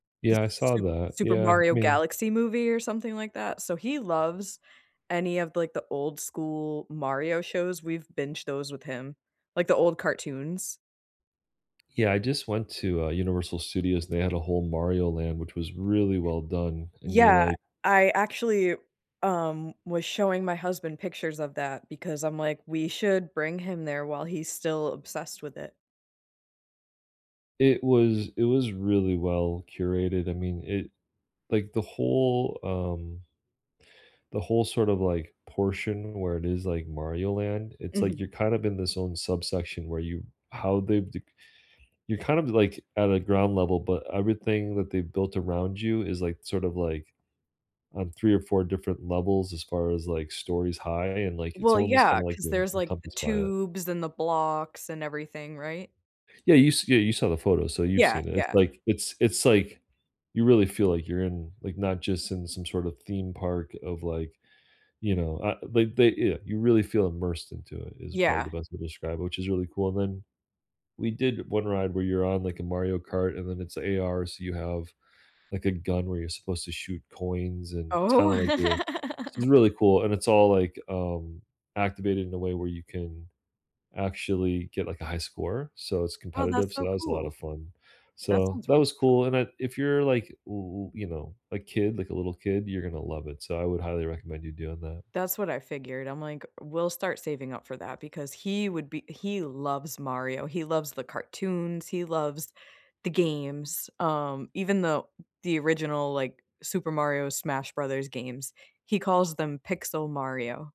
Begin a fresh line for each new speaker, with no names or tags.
The
Yeah, I saw
Su
that.
Super
Yeah, I
Mario
mean
Galaxy Movie or something like that, so he loves any of, like, the old school Mario shows, we've binged those with him. Like, the old cartoons.
Yeah, I just went to, uh, Universal Studios, and they had a whole Mario Land, which was really well done, and you're,
Yeah,
like
I actually, um, was showing my husband pictures of that, because I'm like, we should bring him there while he's still obsessed with it.
It was it was really well-curated. I mean it like, the whole, um the whole sort of, like, portion where it is, like, Mario Land, it's like
Mhm.
you're kind of in this own subsection where you how they've dec you're kind of d like, at a ground level, but everything that they've built around you is, like, sort of, like, on 3 or 4 different levels, as far as, like, stories high, and like, it's
Well,
almost
yeah,
kinda like
'cause
you're en
there's, like, the
encompassed by it.
tubes, and the blocks, and everything, right?
Yeah, you s yeah, you saw the photo, so you've
Yeah,
seen it. It's
yeah.
like it's it's like, you really feel like you're in like, not just in some sort of theme park of, like, you know uh, they they yeah, you really feel immersed into it, is probably
Yeah.
the best way to describe it, which is really cool, and then we did one ride where you're on, like, a Mario Kart and then it's AR, so you have, like, a gun where you're supposed to shoot coins, and it's
Oh
kinda, like, you're i it's really cool, and it's all, like, um, activated in a way where you can actually get, like, a high score, so it's
Oh, that's
competitive, so
so
that was a lotta
cool.
fun.
That
So,
sounds
that
really
was
fun.
cool, and it if you're, like, w w you know, a kid, like a little kid, you're gonna love it, so I would highly recommend you doing that.
That's what I figured. I'm like, we'll start saving up for that, because he would be he loves Mario, he loves the cartoons, he loves the games, um, even though the original, like, Super Mario Smash Brothers games, he calls them Pixel Mario.